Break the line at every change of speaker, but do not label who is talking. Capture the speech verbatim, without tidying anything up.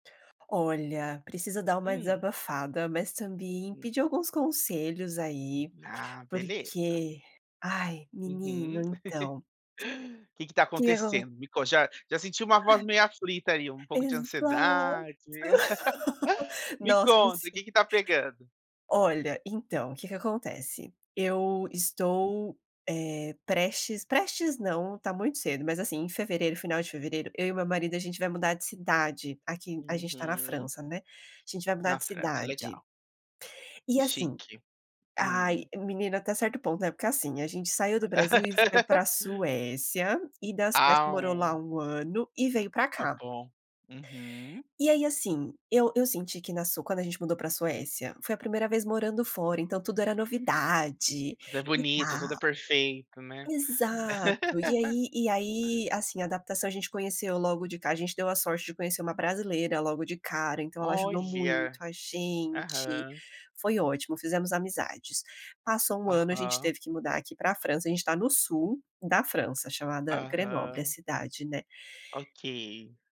Olha, preciso dar uma
Hum.
desabafada, mas também
[unintelligible]
pedir alguns conselhos aí,
Ah, beleza.
porque, ai menino,
Uhum.
então
Que que está
que que acon
acontecendo? Me conta. Já já senti uma voz meio aflita ali, um pouco de
.Exato.
ansiedade. Me
Nossa,
conta o que
sim..
está pegando.
Olha, então, que que acontece. Eu estou, eh, prestes prestes não, está muito cedo, mas assim, em fevereiro, final de fevereiro, eu e meu marido a gente vai mudar de cidade, aqui a gente está na
Uhum.
França né, a gente vai mudar
Na
de
França,
cidade.
legal.
E assim
Chique.
ai,
Hum.
menina até certo ponto né, porque assim, a gente saiu do Brasil e foi pra Suécia, e da Suécia
Ah.
morou lá um ano e veio pra
Tá
cá.
bom. Uhum.
E aí assim, eu eu senti que na Su quando a gente mudou pra Suécia, foi a primeira vez morando fora então tudo era novidade,
Tudo é
e
bonito, tudo é
tal.
perfeito, né.
Exato, e aí e aí assim adaptação a gente conheceu logo de ca gente deu a sorte de conhecer uma brasileira logo de cara, então ela ajudou muito
Olha.
a gente,
Aham.
foi ótimo, fizemos amizades. Passou um ano, gente
Aham.
teve que mudar aqui pra França, a gente está no sul da França, chamada Grenoble, a
Aham.
cidade, né.
Ok.